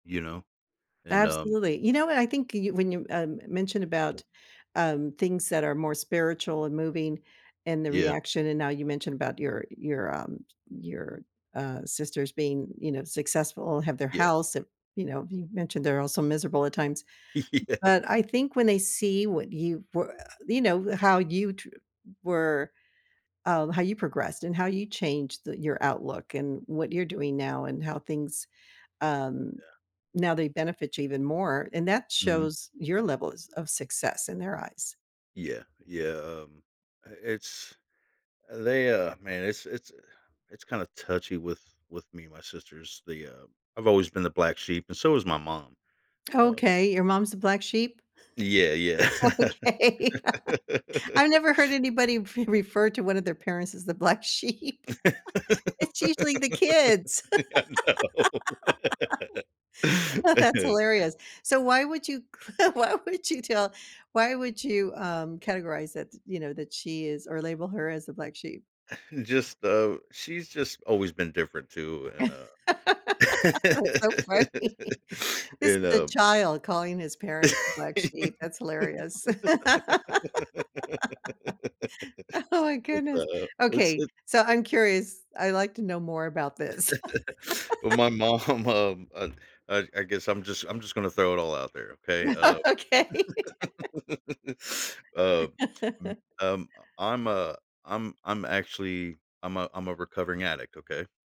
You know? And um Absolutely, you know what, I think you when you, um, mentioned about, um, things that are more spiritual and moving and the Yeah. reaction, and now you mentioned about your your, um, your, uh, sisters being, you know, successful and have their Yeah. house and you know, you mentioned they're also miserable at times. Yeah. But I think when they see what you we you know, how you tr were, um, how you progressed and how you changed the your outlook and what you're doing now and how things, um Yeah. now they benefit you even more, and that Mhm. shows your levels of success in their eyes. Yeah, yeah, um, i it's they, uh, man, it's it's it's kinda touchy with with me and my sisters. They, uh I've always been the black sheep and so has my mom. Uh Okay, your mom's the black sheep? Yeah, yeah. Okay. I've never heard anybody re refer to one of their parents as the black sheep. It's usually the kids. I know. That's hilarious, so why would you c why would you tell why would you, um, categorize it you know, that she is or label her as a black sheep? Just, uh she's just always been different too, and, uh, That's so funny. This is and, the um child calling his parent a black It's sheep, that's hilarious. a Oh my goodness, uh It's okay, it so I'm curious, I would like to know more about this. Well, my mom, um, uh, I I guess I'm just I'm just gonna throw it all out there. Okay? Uh, Okay. um, m um, I I'm a I'm I'm I'm actually I'm a I'm a recovering addict. Okay?